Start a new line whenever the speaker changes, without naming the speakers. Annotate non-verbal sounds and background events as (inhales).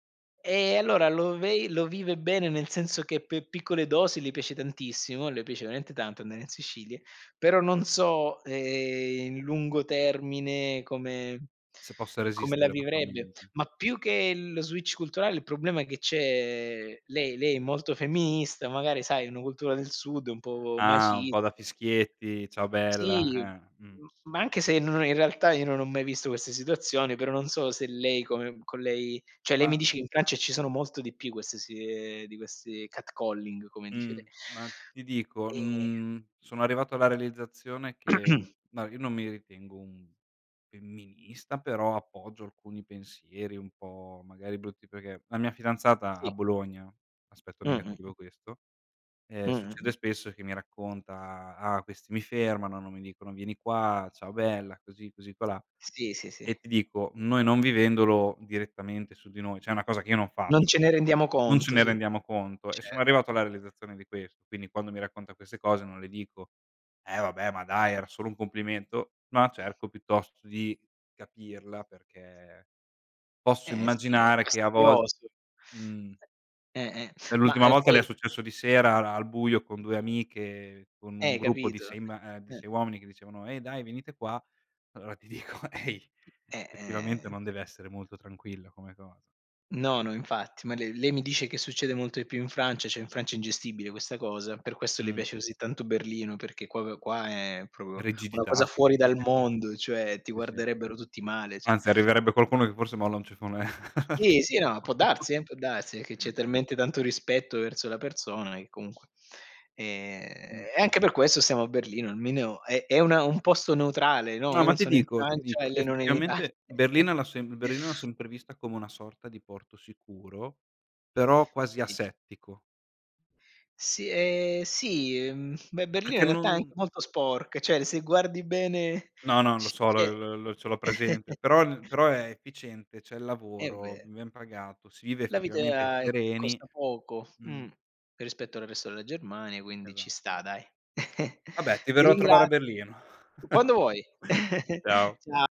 Eh, allora, lo vei lo vive bene, nel senso che, per piccole dosi le piace tantissimo, le piace veramente tanto andare in Sicilia, però non so, ehm, i in lungo termine, come
Se possa
come la
resistere la sua
vivrebbe,
mente.
ma più che lo switch culturale il problema che c'è lei lei è molto femminista, magari, sai, una cultura del Sud, un po'
Ah! Un
macis
po' da fischietti, ciao
sì,
bella, eh, mh.
m ma anche se n no, in realtà io non ho mai visto queste situazioni, però, non so se lei, come con lei cioè lei mi
Ma?
dice, in Francia ci sono molto di più queste si ehm, di questi catcalling, come dice
Mh.
le
Ma ti
(inhales)
dico
e
mhmm, sono arrivato alla realizzazione che,
(clears throat)
no io non mi ritengo un femminista però appoggio alcuni pensieri un po' magari brutti perché la mia fidanzata a
Sì.
Bologna, aspetto
Mh-mh, mh.
negativo questo, ehm,
Mh-mh,
succede
mh.
spesso che mi racconta: "Ah questi mi fermano, non mi dicono vieni qua, ciao bella così così qua là"
Sì, sì, sì.
e ti dico noi non vivendolo direttamente su di noi, cioè è una cosa che io non
Non
faccio
ce ne
questa,
rendiamo
non ce
conto,
ne
sì.
rendiamo conto e sono
Cer
arrivato alla realizzazione di questo, quindi quando mi racconta queste cose non le dico: "Eh vabbè ma dai era solo un complimento", no cerco piuttosto di capirla perché posso
Eh, sì, è
immaginare che a volte,
fastidioso.
mhmm
Eh, eh.
e
Mah,
l'ultima
uhm,
volta le è
poi
successo di sera al buio con 2 amiche con un
Eh
gruppo di
capito?
6 ma e di
Eh.
6 uomini che dicevano: "Ehi dai venite qua", allora ti dico: "Ehi,
Eh,
effettivamente
eh,
non
s
deve essere molto tranquillo come cosa."
No, no, infatti, ma lei lei mi dice che succede molto di più in Francia, cioè, in Francia è ingestibile questa cosa, per questo le
Mh.
piace così tanto Berlino, perché proprio qua è, proprio, una cosa
Rigidità
fuori
quindi
dal
(chuckles)
mondo, cioè, ti
sì, sì.
guarderebbero tutti male ci
Anzi arriverebbe qualcuno che forse molla un ceffone al
Sì, sì,
tipo.
no, può darsi, eh, può darsi, è che c'è talmente tanto rispetto verso la persona, che comunque
Mh.
e, e anche per questo stiamo a Berlino, almeno è è una un posto neutrale, no,
No,
io
ma
non
ti
sono in
dico ti
Francia, e
dico
lei non è in Itali
effettivamente
(chuckles)
Berlino l'ho sem Berlino l'ho sempre vista come una sorta di porto sicuro, però quasi
Sì.
asettico.
Sì ehm, sì, mhmm, beh, Berlino
Perché
in realtà è anche
non
molto sporc cioè, l se guardi bene, (chuckles)
No, non lo
ci
so
c'è
l l l ce l'ho presente, però
(chuckles)
però è efficiente, c'è il
È
lavoro,
ver
ben pagato, si vive
La vita
effettivamente
è
sereni
costa poco,
mh.
mh, rispetto al resto della Germania, quindi ci
Esatto.
sta, dai. (chuckles)
Vabbè ti
Ti
verrò a trovare
ringraz
a Berlino.
quando vuoi!
(chuckles) Ciao.
(chuckles) Cia